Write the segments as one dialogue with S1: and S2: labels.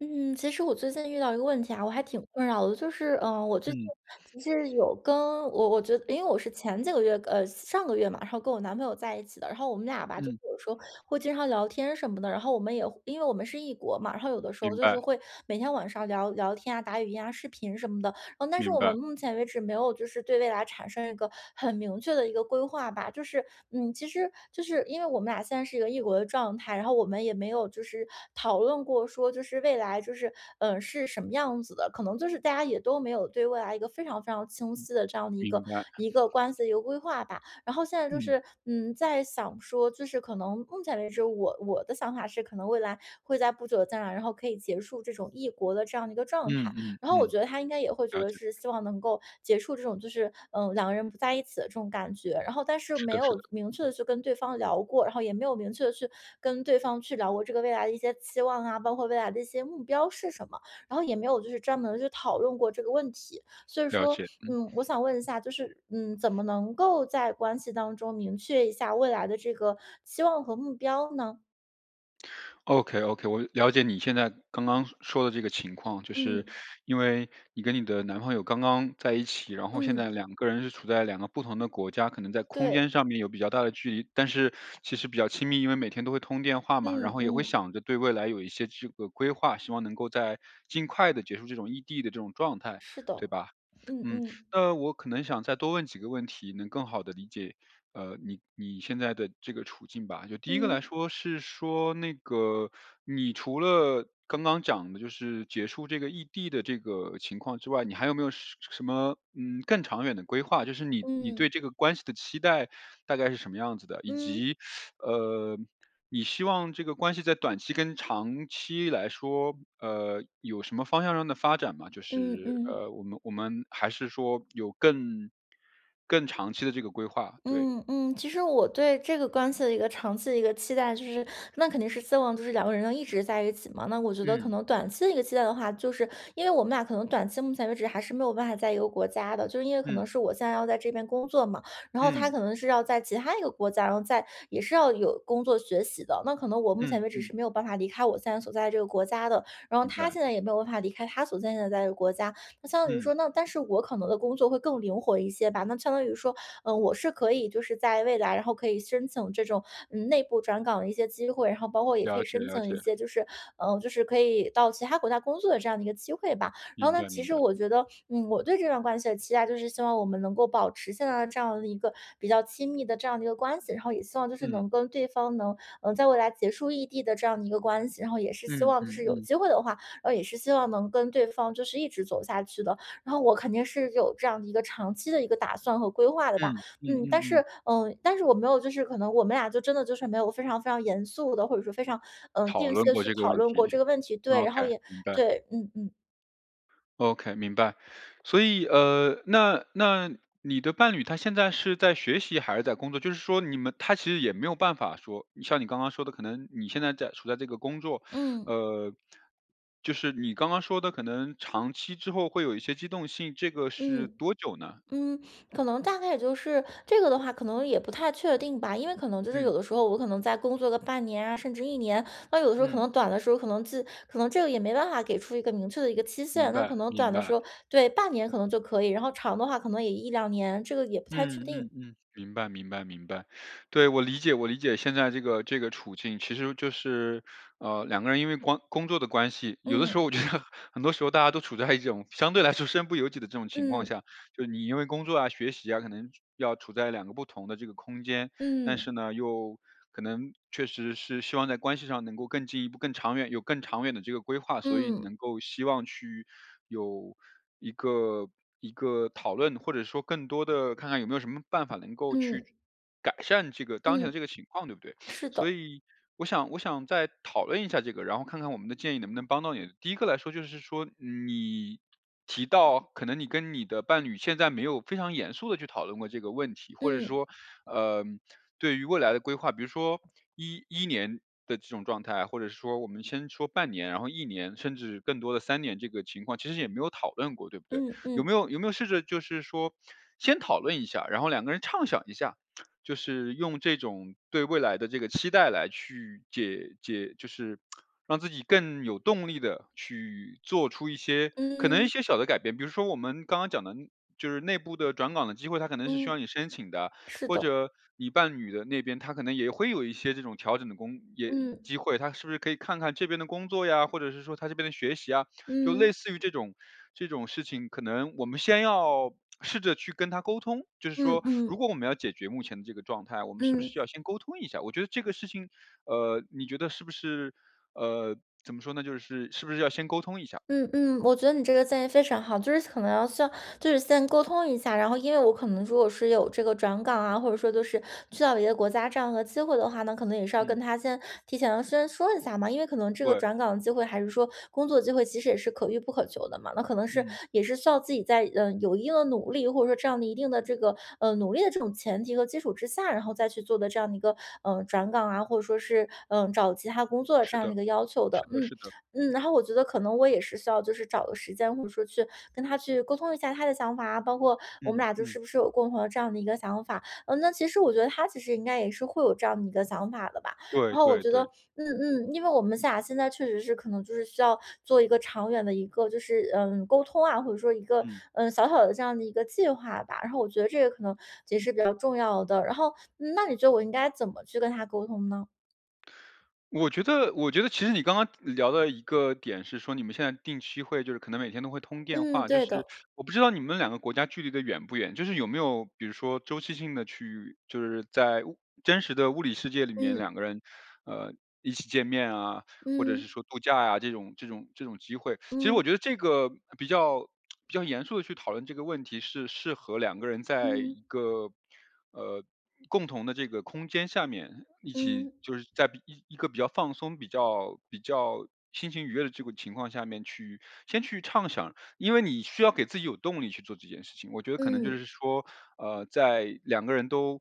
S1: 嗯，其实我最近遇到一个问题啊，我还挺困扰的。就是，呃，我最近
S2: 嗯。
S1: 其实有跟我我觉因为我是前几个月，呃，上个月嘛，然后跟我男朋友在一起的，然后我们俩吧，就
S2: 嗯。
S1: 有时候会经常聊天什么的。然后我们也会因为我们是异国嘛，然后有的时候
S2: 明
S1: 就是
S2: 白。
S1: 会每天晚上聊聊天啊、打语音啊、视频什么的。但是
S2: 明
S1: 我们
S2: 白。
S1: 目前为止没有就是对未来产生一个很明确的一个规划吧。就是，嗯，其实就是因为我们俩现在是一个异国的状态，然后我们也没有就是讨论过，说就是未来就是，呃，是什么样子的，可能就是大家也都没有对未来一个非常非常清晰的这样的一
S2: 明
S1: 个
S2: 白。
S1: 一个关系一个规划吧。然后现在就
S2: 嗯。
S1: 是，嗯，在想说，就是可能目前为止，我我的想法是可能未来会在不久的将来，然后可以结束这种异国的这样一个状
S2: 嗯
S1: 态。
S2: 嗯
S1: 然后我
S2: 嗯。
S1: 觉得他应该也会觉
S2: 了
S1: 得
S2: 解。
S1: 是希望能够结束这种就是，呃，两个人不在一起的这种感觉。然后但是
S2: 是
S1: 没
S2: 的是
S1: 有
S2: 的。
S1: 明确地去跟对方聊过，然后也没有明确地跟对方去聊过这个未来的一些期望啊，包括未来的一些目标是什么，然后也没有就是专门去讨论过这个问题。所以
S2: 了
S1: 说，
S2: 解，嗯。
S1: 嗯，我想问一下，就是，嗯，怎么能够在关系当中明确一下未来的这个期望和目标呢？
S2: OK OK，我了解你现在刚刚说的这个情况，就是
S1: 嗯。
S2: 因为你跟你的男朋友刚刚在一起，然后现在
S1: 嗯。
S2: 两个人是处在两个不同的国家，可能在空
S1: 对。
S2: 间上面有比较大的距离。但是其实比较亲密，因为每天都会通电话嘛，然
S1: 嗯
S2: 后也会
S1: 嗯。
S2: 想着对未来有一些这个规划，希望能够在尽快地结束这种异地的这种状态，
S1: 是
S2: 对
S1: 的，
S2: 吧？
S1: 嗯
S2: 嗯，
S1: 嗯。
S2: 那我可能想再多问几个问题，能更好地理解，呃，你你现在的这个处境吧。就第1个来
S1: 嗯。
S2: 说是说那个，你除了刚刚讲的就是结束这个异地的这个情况之外，你还有没有什什么，嗯，更长远的规划，就是你你
S1: 嗯。
S2: 对这个关系的期待大概是什么样子的？以
S1: 嗯。
S2: 及，呃，你希望这个关系在短期跟长期来说，呃，有什么方向上的发展吗？就
S1: 嗯
S2: 是，
S1: 嗯。
S2: 呃，我们我们还是说有更更长期的这个规划？对。
S1: 嗯嗯，其实我对这个关系的一个长期的一个期待就是那肯定是希望就是两个人一直在一起嘛，那我觉得可
S2: 嗯。
S1: 能短期的一个期待的话，就是因为我们俩可能短期目前为止还是没有办法在一个国家的，就是因为可能
S2: 嗯。
S1: 是我现在要在这边工作嘛，然后他
S2: 嗯。
S1: 可能是要在其他一个国家，然后在也是要有工作学习的。那可能我目前
S2: 嗯
S1: 为止是
S2: 嗯。
S1: 没有办法离开我现在所在这个国家的，然后
S2: 明
S1: 他
S2: 白。
S1: 现在也没有办法离开他所在的国家，那相当于
S2: 嗯。
S1: 说那但是我可能的工作会更灵活一些吧。那相当于说，呃，我是可以就是在未来然后可以申请这种，嗯，内部转岗的一些机会，然后包括也可
S2: 了
S1: 以
S2: 解
S1: 申
S2: 了
S1: 请
S2: 解。
S1: 一些就是呃，就是可以到其他国家工作的这样的一个机会吧。然后
S2: 明
S1: 呢，
S2: 白
S1: 其
S2: 明
S1: 实
S2: 白。
S1: 我觉得，嗯，我对这段关系的期待，就是希望我们能够保持现在的这样的一个比较亲密的这样的一个关系，然后也希望就是
S2: 嗯。
S1: 能跟对方能能在未来结束异地的这样的一个关系，然后也是希
S2: 嗯
S1: 望就
S2: 嗯
S1: 是有
S2: 嗯。
S1: 机会的话，也是希望能跟对方就是一直走下去的。然后我肯定是有这样的一个长期的一个打算和规划的吧。
S2: 嗯嗯
S1: 嗯，
S2: 嗯
S1: 但是
S2: 嗯。
S1: 呃，但是我没有就是可能我们俩就真的就是没有非常非常严肃地，或者说非常，呃，
S2: 讨
S1: 定期
S2: 论
S1: 地
S2: 过
S1: 去
S2: 这个
S1: 讨
S2: 问
S1: 论
S2: 题
S1: 过这个问题对，然后
S2: ，OK，
S1: 也
S2: 明白。
S1: 对，嗯嗯。
S2: OK，明白，所以，呃，那那你的伴侣他现在是在学习还是在工作？就是说你们他其实也没有办法说像你刚刚说的可能你现在在处在这个工作
S1: 嗯。
S2: 呃，就是你刚刚说的可能长期之后会有一些机动性，这个是
S1: 嗯，
S2: 多久呢？
S1: 嗯，可能大概也就是这个的话可能也不太确定吧，因为可能就是有
S2: 嗯。
S1: 的时候我可能在工作个半年啊甚至1年，那有的时候可
S2: 嗯。
S1: 能短的时候可能自可能这个也没办法给出一个明确的一个期
S2: 明
S1: 限。那可
S2: 白
S1: 能短
S2: 明
S1: 的
S2: 白。
S1: 时候对，半年可能就可以，然后长的话可能也1-2年，这个也不太确
S2: 嗯
S1: 定。
S2: 嗯嗯，明白明白明白。对，我理解我理解现在这个这个处境，其实就是，呃，两个人因为光工作的关系，有的时
S1: 嗯。
S2: 候我觉得很多时候大家都处在一种相对来说身不由己的这种情况
S1: 嗯。
S2: 下。就是你因为工作啊学习啊，可能要处在两个不同的这个空间，但
S1: 嗯。
S2: 是呢，又可能确实是希望在关系上能够更进一步更长远有更长远的这个规划，所以
S1: 嗯。
S2: 能够希望去有一个一个讨论，或者说更多的看看有没有什么办法能够去
S1: 嗯。
S2: 改善这个当前的
S1: 嗯，
S2: 这个情况，对不对？
S1: 是
S2: 所
S1: 的。
S2: 以我想我想再讨论一下这个，然后看看我们的建议能不能帮到你。第1个来说就是说你提到可能你跟你的伴侣现在没有非常严肃地去讨论过这个问题，或者
S1: 嗯。
S2: 说，呃，对于未来的规划，比如说一一年的这种状态，或者说我们先说半年，然后1年甚至更多的3年这个情况其实也没有讨论过对不对？
S1: 嗯
S2: 有
S1: 嗯。
S2: 没有有没有试着就是说先讨论一下，然后两个人畅想一下，就是用这种对未来的这个期待来去解解就是 让自己更有动力的去做出一些可能一
S1: 嗯。
S2: 些小的改变比如说我们刚刚讲的就是内部的转岗的机会，它可能是需要
S1: 嗯，
S2: 你申请的，
S1: 是
S2: 或
S1: 的。
S2: 者你伴侣的那边，他可能也会有一些这种调整的工也
S1: 嗯。
S2: 机会。他是不是可以看看这边的工作呀，或者是说他这边的学习啊，就类
S1: 嗯。
S2: 似于这种这种事情，可能我们先要试着去跟他沟通，就是
S1: 嗯
S2: 说如
S1: 嗯。
S2: 果我们要解决目前的这个状态，我们是不
S1: 嗯。
S2: 是要先沟通一下？我觉得这个事情，呃，你觉得是不是呃，怎么说呢？就是是不是要先沟通一下？
S1: 嗯嗯，我觉得你这个建议非常好，就是可能要需要就是先沟通一下。然后因为我可能如果是有这个转岗啊，或者说就是去到别的国家这样的机会的话，那可能也是要
S2: 嗯。
S1: 跟他先提前先说一下嘛，因为可能这个
S2: 对。
S1: 转岗的机会还是说工作机会其实也是可遇不可求的嘛，那可能是
S2: 嗯。
S1: 也是需要自己在有一定的努力，或者说这样的一定的这个，呃，努力的这种前提和基础之下，然后再去做的这样的一个，呃，转岗啊，或者说是，呃，找其他工作这
S2: 是
S1: 样的
S2: 的，
S1: 一个要求
S2: 是
S1: 的。
S2: 的
S1: 嗯
S2: 是的。
S1: 嗯，然后我觉得可能我也是需要就是找个时间，或者说去跟他去沟通一下他的想法啊，包括我们
S2: 嗯
S1: 俩就是
S2: 嗯。
S1: 是不是有共同的这样的一个想法。呃，那其实我觉得他其实应该也是会有这样的一个想法的吧。
S2: 对
S1: 然后我
S2: 对
S1: 觉得，
S2: 对。
S1: 嗯嗯，因为我们俩现在确实是可能就是需要做一个长远的一个就是，呃，沟通啊，或者说一个，
S2: 嗯。
S1: 呃，小小的这样的一个计划吧。然后我觉得这个可能也是比较重要的，然后那你觉得我应该怎么去跟他沟通呢？
S2: 我觉得我觉得其实你刚刚聊的一个点是说你们现在定期会就是可能每天都会通电
S1: 嗯，
S2: 话，就
S1: 对
S2: 是
S1: 的。
S2: 我不知道你们两个国家距离的远不远，就是有没有比如说周期性地去就是在真实的物理世界里面
S1: 嗯。
S2: 两个人，呃，一起见面啊，或者
S1: 嗯。
S2: 是说度假啊，这种这种这种机会。其实我
S1: 嗯。
S2: 觉得这个比较比较严肃地去讨论这个问题是适合两个人在
S1: 嗯。
S2: 一个，呃，共同的这个空间下面一起
S1: 嗯。
S2: 就是在比一个比较放松、比较比较心情愉悦的这个情况下面去先去畅想。因为你需要给自己有动力去做这件事情，我觉得可能就
S1: 嗯。
S2: 是说，呃，在两个人都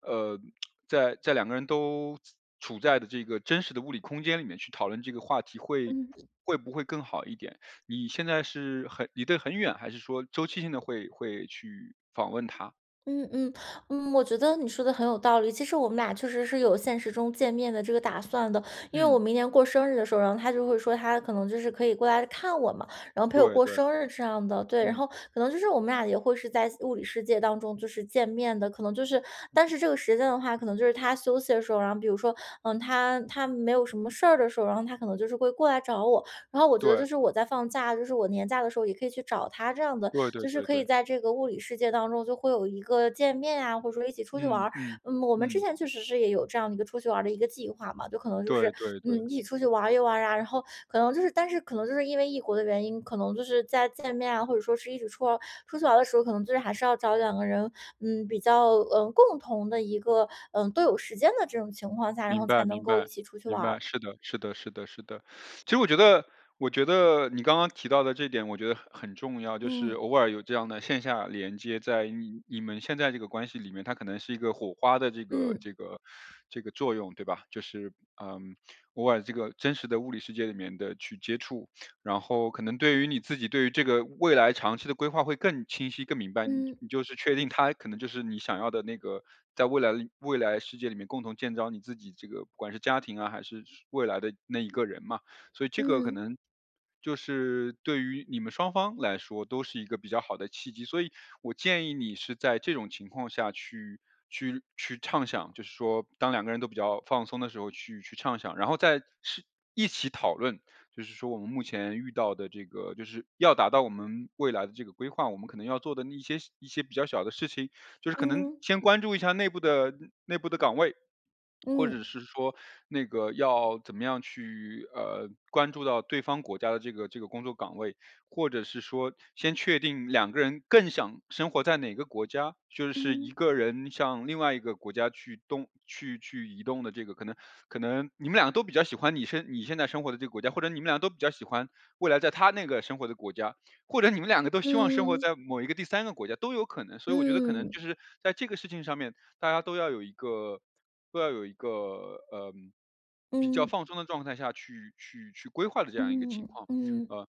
S2: 呃，在在两个人都处在的这个真实的物理空间里面去讨论这个话题会
S1: 嗯。
S2: 会不会更好一点？你现在是很离得很远，还是说周期性地会会去访问他？
S1: 嗯嗯。嗯，我觉得你说得很有道理。其实我们俩确实是有现实中见面的这个打算的，因为我
S2: 嗯。
S1: 明年过生日的时候，然后他就会说，他可能就是可以过来看我嘛，然后陪我
S2: 对
S1: 过
S2: 对。
S1: 生日这样的对，然
S2: 嗯。
S1: 后可能就是我们俩也会是在现物理世界当中，就是见面的。可能就是但是这个时间的话，可能就是他休息的时候然后比如说呃，他他没有什么事儿的时候，然后他可能就是会过来找我，然后我觉得就
S2: 对。
S1: 是我在放假，就是我年假的时候也可以去找他这样的。
S2: 对对
S1: 就是
S2: 对
S1: 可以
S2: 对。
S1: 在这个物理世界当中，就会有一个见面啊，或者说一起出去玩
S2: 嗯
S1: 儿。
S2: 嗯，
S1: 嗯，我们之
S2: 嗯。
S1: 前确实是也有这样的一个出去玩儿的一个计划嘛，就可能就
S2: 对
S1: 是
S2: 对
S1: 嗯，
S2: 对。
S1: 一起出去玩一玩啊，然后可能就是但是可能就是因为异国的原因，可能就是在见面啊，或者说是一直出哦出去玩儿的时候，可能就是还是要找两个人，嗯，比较呃，共同的一个呃，都有时间的这种情况下，然
S2: 明
S1: 后才
S2: 白
S1: 能
S2: 明
S1: 够一
S2: 白，
S1: 起出去
S2: 明
S1: 玩
S2: 白，
S1: 儿。
S2: 是的是的是的是的。其实我觉得我觉得你刚刚提到的这一点，我觉得很很重要，就是
S1: 嗯。
S2: 偶尔有这样的线下连接，在你你们现在这个关系里面，它可能是一个火花的这个
S1: 嗯。
S2: 这个 这个作用，对吧。就是呃，偶尔这个真实的物理世界里面的去接触，然后可能对于你自己，对于这个未来长期的规划会更清晰、更明白。你
S1: 嗯。
S2: 你就是确定，他可能就是你想要的那个，在未来的未来世界里面，共同建造你自己这个不管是家庭啊，还是是未来的那一个人嘛。所以这个可
S1: 嗯。
S2: 能就是对于你们双方来说，都是一个比较好的契机，所以我建议你是在这种情况下去去去畅想，就是说当两个人都比较放松的时候去去畅想，然后再是一起讨论，就是说我们目前遇到的这个就是要达到我们未来的这个规划，我们可能要做的一些一些比较小的事情，就是可能
S1: 嗯。
S2: 先关注一下内部的嗯，内部的岗位。或者
S1: 嗯。
S2: 是说，那个要怎么样去呃，关注到对方国家的这个这个工作岗位，或者是说，先确定两个人更想生活在哪个国家，就是一
S1: 嗯。
S2: 个人向另外一个国家去动去去移动的这个可能可能，你们两个都比较喜欢你现你现在生活的这个国家，或者你们两个都比较喜欢，未来在他那个生活的国家，或者你们两个都希望生活
S1: 嗯。
S2: 在某一个第三个国家，都有可能。所以我觉得可能，就
S1: 嗯。
S2: 是，在这个事情上面，大家都要有一个都要有一个，呃，比较
S1: 嗯。
S2: 放松的状态下，去去去规划的这样一个情
S1: 嗯
S2: 况。
S1: 嗯。
S2: 呃，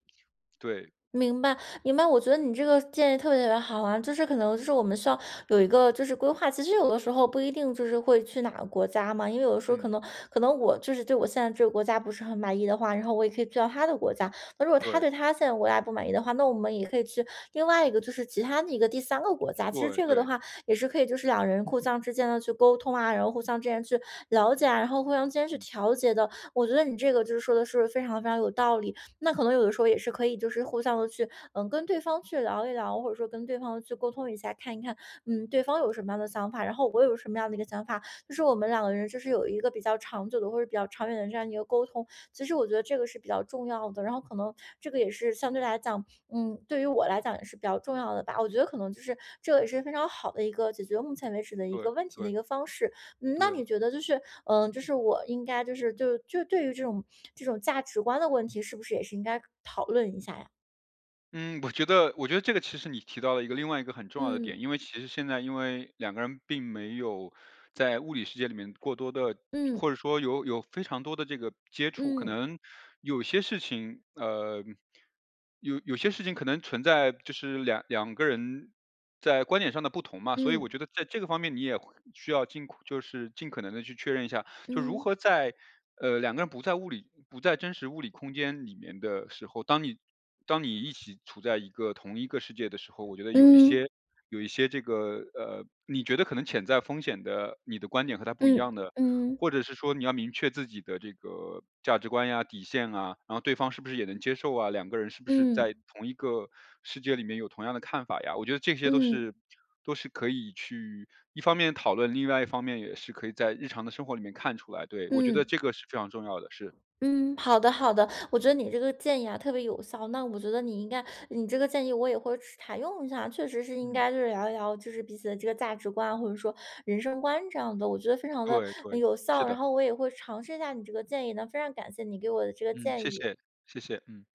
S2: 对。
S1: 明白，明白，我觉得你这个建议特别特别好啊。就是可能就是我们需要有一个就是规划，其实有的时候不一定就是会去哪个国家嘛，因为有的时候可
S2: 嗯。
S1: 能可能我就是对我现在这个国家不是很满意的话，然后我也可以去到他的国家，那如果他
S2: 对。
S1: 对他现在的国家不满意的话，那我们也可以去另外一个就是其它的一个第三个国家。其实
S2: 对
S1: 这个的
S2: 对。
S1: 话也是可以就是两人互相之间地去沟通啊，然后互相之间去了解啊，然后互相之间去
S2: 嗯。
S1: 调节的。我觉得你这个就是说的是非常非常有道理，那可能有的时候也是可以就是互相地去嗯，跟对方去聊一聊或者说跟对方去沟通一下，看一看嗯，对方有什么样的想法。然后我有什么样的一个想法，就是我们两个人就是有一个比较长久的，或者比较长远的这样一个沟通，其实我觉得这个是比较重要的。然后可能，这个也是相对来讲嗯，对于我来讲也是比较重要的吧，我觉得可能就是，这个也是非常好的一个解决目前为止的一
S2: 对，
S1: 个问题的
S2: 对。
S1: 一个方式。嗯，那
S2: 对。
S1: 你觉得，就是呃，就是我应该就是就就对于这种这种价值观的问题，是不是也是应该讨论一下呀？
S2: 嗯，我觉得我觉得这个其实你提到了一个另外一个很重要的点，
S1: 嗯。
S2: 因为其实现在因为两个人并没有在物理世界里面过多地或
S1: 嗯。
S2: 者说有有非常多的这个接触。可
S1: 嗯。
S2: 能有些事情，呃，有有些事情可能存在就是两两个人在观点上的不同嘛，所以我觉
S1: 嗯。
S2: 得在这个方面你也需要尽快就是尽可能地去确认一下。就如
S1: 嗯。
S2: 何在呃，两个人不在物理不在真实物理空间里面的时候，当你当你一起处在一个同一个世界的时候，我觉得有一
S1: 嗯。
S2: 些有一些这个呃，你觉得可能潜在风险的你的观点和他不一
S1: 嗯，
S2: 样的，
S1: 嗯。
S2: 或者是说你要明确自己的这个价值观呀底线啊，然后对方是不是也能接受啊，两个人是不是在
S1: 嗯。
S2: 同一个世界里面有同样的看法呀。我觉得这些都是
S1: 嗯。
S2: 都是可以去，一方面讨论，另外一方面也是可以在日常的生活里面看出来，对。我觉得
S1: 嗯。
S2: 这个是非常重要的事。
S1: 嗯，好的好的，我觉得你这个建议啊，特别有效，那我觉得你应该你这个建议我也会去试采用一下。确实是应
S2: 嗯。
S1: 该就是聊一聊就是彼此的这个价值观，或者说人生观这样的。我觉得非常地，
S2: 对
S1: 嗯，
S2: 对，
S1: 有
S2: 是
S1: 效，然
S2: 的。
S1: 后我也会尝试一下你这个建议的，非常感谢你给我的这个
S2: 嗯，谢
S1: 建议。
S2: 谢，谢谢，嗯。